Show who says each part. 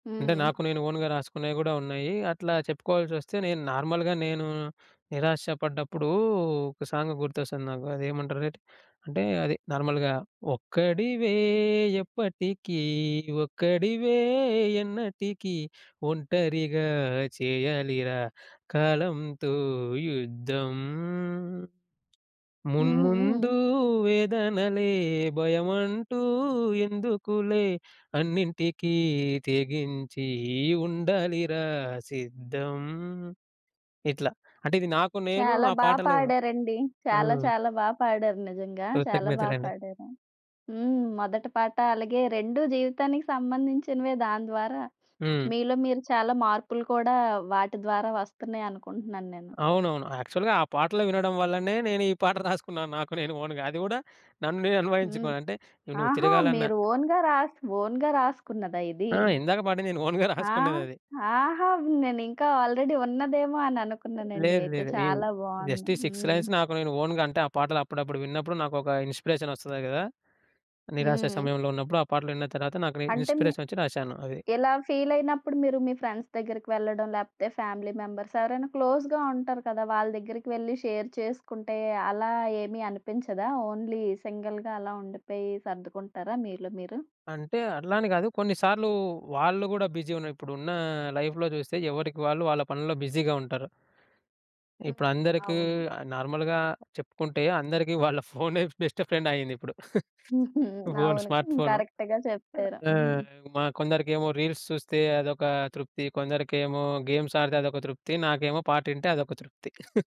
Speaker 1: అంటే
Speaker 2: హ్మ్.
Speaker 1: నాకు నేను ఓన్‌గా రాసుకునేయి గూడా ఉన్నాయి. అట్లా చెప్పుకోవాల్సోస్తే, నేను నార్మల్‌గా నేను నిరాశ పడ్డప్పుడు ఒక సాంగ్ గుర్తొస్తుంది నాకు. అది ఏమంటారటె? అంటే అది నార్మల్‌గా ఒక్కడివే ఎప్పటికీ ఒక్కడివే ఎన్నటికీ ఒంటరిగా చేయాలిరా కాలంతో యుద్ధం.
Speaker 2: హ్మ్,
Speaker 1: మున్ముందు
Speaker 2: హ్మ్.
Speaker 1: వేదనలే భయమంటూ ఎందుకులే అన్నింటికీ తెగించి ఉండాలిరా సిద్ధం. ఇట్లా అంటే ఇది నాకు నేను
Speaker 2: చాలా
Speaker 1: ఆ
Speaker 2: బా
Speaker 1: పాటలు
Speaker 2: పాడారండి. చాలా
Speaker 1: హ్మ్.
Speaker 2: చాలా బా పాడారు, నిజంగా. చాలా బా
Speaker 1: కృతజ్ఞతలండి.
Speaker 2: పాడారు. హ్మ్. మొదటి పాట అలాగే 2 జీవితానికి సంబంధించినవే దాని ద్వారా,
Speaker 1: హ్మ్.
Speaker 2: మీలో మీరు చాలా మార్పులు కూడా వాటి ద్వారా వస్తున్నాయనుకుంటున్నాను నేను.
Speaker 1: అవునవును. యాక్చువల్‌గా ఆ పాటలు వినడం వల్లనే నేను ఈ పాట రాసుకున్నాను నాకు నేను ఓన్‌గా. అది గూడా నన్ను నేను
Speaker 2: హ్మ్.
Speaker 1: అన్వయించుకోను అంటే నువ్వు
Speaker 2: ఆహా!
Speaker 1: తిరగాలన్న.
Speaker 2: మీరు ఓన్‌గా రాస్ ఓన్‌గా రాసుకున్నదా ఇది?
Speaker 1: ఆ! ఇందాక పాట నేను ఓన్‌గా
Speaker 2: ఆ!
Speaker 1: రాసుకున్నదది.
Speaker 2: ఆహా! నేనింక ఆల్రెడీ ఉన్నదేమో అననుకున్నానండి
Speaker 1: లేదు,
Speaker 2: అయితే
Speaker 1: లేదు. ఏమి
Speaker 2: చాలా బావుంది.
Speaker 1: జస్ట్ ఈ 6
Speaker 2: హ్మ్.
Speaker 1: లైన్స్ నాకు నేను ఓన్‌గా అంటే ఆ పాటలు అప్పుడప్పుడు విన్నప్పుడు నాకొక ఇన్స్పిరేషన్ ఒస్తది గదా! నిరాశ
Speaker 2: హ్మ్.
Speaker 1: సమయంలో ఉన్నప్పుడు ఆ పాటలు విన్న తర్వాత నాకు
Speaker 2: అంటే మి
Speaker 1: ఇన్‌స్పిరేషనొచ్చి రాసాను అది.
Speaker 2: ఇలా ఫీల్ అయినప్పుడు మీరు మీ ఫ్రెండ్స్ దగ్గరికి వెళ్ళడం, లేకపోతే ఫ్యామిలీ మెంబర్స్ ఎవరైనా క్లోజ్‌గా ఉంటారు కద. వాళ్ళ దగ్గరికి వెళ్లి షేర్ చేసుకుంటే అలా ఏమీ అనిపించదా? ఓన్లీ సింగిల్‌గా అలా ఉండిపోయి సర్దుకుంటారా మీలో మీరు?
Speaker 1: అంటే అట్లాని కాదు. కొన్నిసార్లు వాళ్ళు కూడా బిజీ ఉన్న ఇప్పుడున్న, లైఫ్‌లో చూస్తే ఎవరికి వాళ్ళు వాళ్ళ పనుల్లో బిజీగా ఉంటారు.
Speaker 2: హ్మ్.
Speaker 1: ఇప్పుడందరికి
Speaker 2: అవును.
Speaker 1: నార్మల్‌గా చెప్పుకుంటే అందరికి వాళ్ళ ఫోనే బెస్ట్ ఫ్రెండ్ అయిందిప్పుడు.
Speaker 2: హుహు,
Speaker 1: ఫోను
Speaker 2: అవును.
Speaker 1: స్మార్ట్‌ఫోను.
Speaker 2: కరెక్ట్‌గా చెప్పారు.
Speaker 1: అ
Speaker 2: హ్మ్.
Speaker 1: ఆహ్, మా కొందరికేమో రీల్స్ చూస్తే అదొక తృప్తి. కొందరికేమో గేమ్స్ ఆడితే అదొక తృప్తి. నాకేమో పాటింటే అదొక తృప్తి.